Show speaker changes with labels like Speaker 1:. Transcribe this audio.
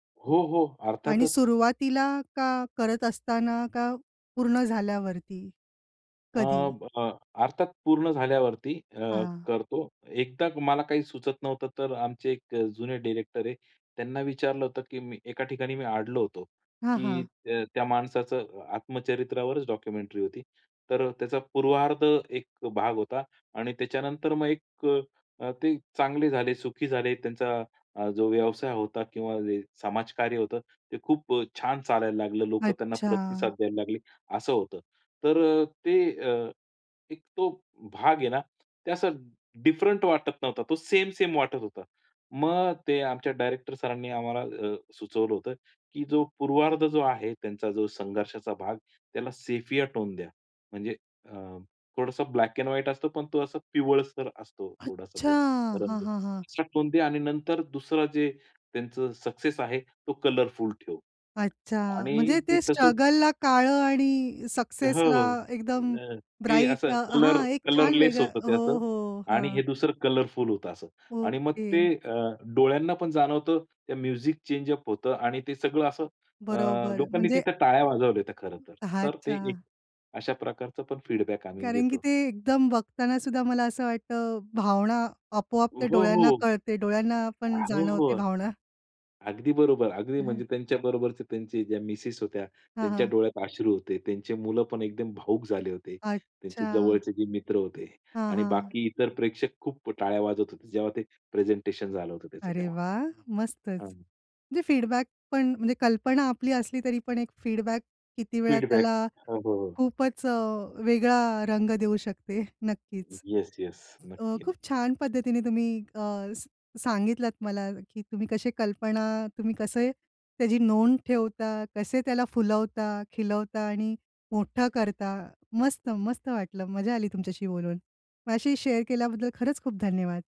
Speaker 1: हो, हो.
Speaker 2: आणि
Speaker 1: अर्थातच.
Speaker 2: सुरुवातीला का? करत असतांना का? पूर्ण झाल्यावरती?
Speaker 1: अ,
Speaker 2: कधी?
Speaker 1: ब अ, अर्थात पूर्ण झाल्यावरती, अ,
Speaker 2: हां.
Speaker 1: करतो. एकदा मला काही सुचत नव्हतं तर आमचे एक जुने डायरेक्टर आहे. त्यांना विचारलं होतं की मी एका ठिकाणी मी अडलो होतो.
Speaker 2: हां,
Speaker 1: की
Speaker 2: हां.
Speaker 1: अ, त्या माणसाचं आत्मचरित्रावरच डॉक्युमेंटरी होती. तर त्याचा पूर्वार्ध एक भाग होता आणि त्याच्यानंतर मग एक अ, ते चांगले झाले, सुखी झाले, त्यांचा अ, जो व्यवसाय होता किंवा समाजकार्य होतं ते खूप छान चालायला लागलं. लोकं त्यांना
Speaker 2: अच्छा!
Speaker 1: प्रतिसाद द्यायला लागले. असं होतं. तर अ, ते अ, एक तो भाग आहे ना, ते असा डिफरंट वाटत नव्हता. तो सेम-सेम वाटत होता. मग ते आमच्या डायरेक्टर सरांनी आम्हाला अ, सुचवलं होतं की "जो पूर्वार्ध जो आहे त्यांचा जो संघर्षाचा भाग त्याला सेफिया टोन द्या. म्हणजे अ, थोडासा ब्लॅक एंड व्हाईट असतो पण तो असा पिवळसर असतो थोडासा
Speaker 2: अच्छा!
Speaker 1: तो रंग.
Speaker 2: हां, हां, हां.
Speaker 1: "सेफिया टोन द्या. आणि नंतर दुसरा जे त्यांचं सक्सेस आहे तो कलरफुल ठेव."
Speaker 2: अच्छा.
Speaker 1: आणि
Speaker 2: म्हणजे
Speaker 1: ते
Speaker 2: ते
Speaker 1: तसंच
Speaker 2: स्ट्रगलला काळं आणि
Speaker 1: हो,
Speaker 2: सक्सेसला
Speaker 1: हो.
Speaker 2: एकदम
Speaker 1: अ, ते
Speaker 2: ब्राइट
Speaker 1: असं
Speaker 2: अ,
Speaker 1: कलर
Speaker 2: हां. एक छान
Speaker 1: कलरलेस
Speaker 2: वेगळं.
Speaker 1: होतं ते असं
Speaker 2: हो, हो.
Speaker 1: आणि हे
Speaker 2: हां.
Speaker 1: दुसरं कलरफुल होतं असं. आणि मग ते
Speaker 2: ओके.
Speaker 1: अ, डोळ्यांना पण जाणवतं ते म्युझिक चेंज अप होतं आणि ते सगळं असं अ,
Speaker 2: बरोबर
Speaker 1: लोकांनी
Speaker 2: म्हणजे.
Speaker 1: तिथं टाळ्या वाजवल्या होत्या खरंतर. तर ते
Speaker 2: अच्छा.
Speaker 1: एक अशा प्रकारचं पण फीडबॅक आम्ही
Speaker 2: कारण की
Speaker 1: घेतो.
Speaker 2: ते एकदम बघतांना सुद्धा मला असं वाटतं, भावना आपोआप
Speaker 1: हो,
Speaker 2: ते डोळ्यांना
Speaker 1: हो.
Speaker 2: कळते, डोळ्यांना पण
Speaker 1: हो,
Speaker 2: जाणवते
Speaker 1: हो.
Speaker 2: भावना.
Speaker 1: अगदी बरोबर. अगदी
Speaker 2: हं.
Speaker 1: म्हणजे त्यांच्या बरोबरचे त्यांचे ज्या मिसेस होत्या,
Speaker 2: हां,
Speaker 1: त्यांच्या
Speaker 2: हां.
Speaker 1: डोळ्यात अश्रू होते. त्यांची मुलं पण एकदम भावुक झाले होते. त्यांचे
Speaker 2: अच्छा.
Speaker 1: जवळचे जे मित्र होते
Speaker 2: हां,
Speaker 1: आणि
Speaker 2: हां.
Speaker 1: बाकी इतर प्रेक्षक खूप टाळ्या वाजवत होते. जेव्हा ते प्रेझेंटेशन झालं होतं त्याचं
Speaker 2: अरे
Speaker 1: तेव्हा.
Speaker 2: वाह! मस्तच
Speaker 1: हां
Speaker 2: म्हणजे फीडबॅक पण म्हणजे कल्पना आपली असली तरी पण एक फीडबॅक किती वेळा
Speaker 1: फीडबॅक
Speaker 2: त्याला,
Speaker 1: हो, हो, हो.
Speaker 2: खूपच अ, वेगळा रंग देऊ शकते नक्कीच.
Speaker 1: Yes, yes.
Speaker 2: अ,
Speaker 1: नक्की, नक्की.
Speaker 2: खूप छान पद्धतीने तुम्ही अ, स सांगितलात मला की तुम्ही कसे कल्पना तुम्ही कसे त्याची नोंद ठेवता, कसे त्याला फुलवता, खिलवता आणि मोठं करता. मस्त-मस्त वाटलं. मजा आली तुमच्याशी बोलून. माझ्याशी शेअर केल्याबद्दल खरंच खूप धन्यवाद.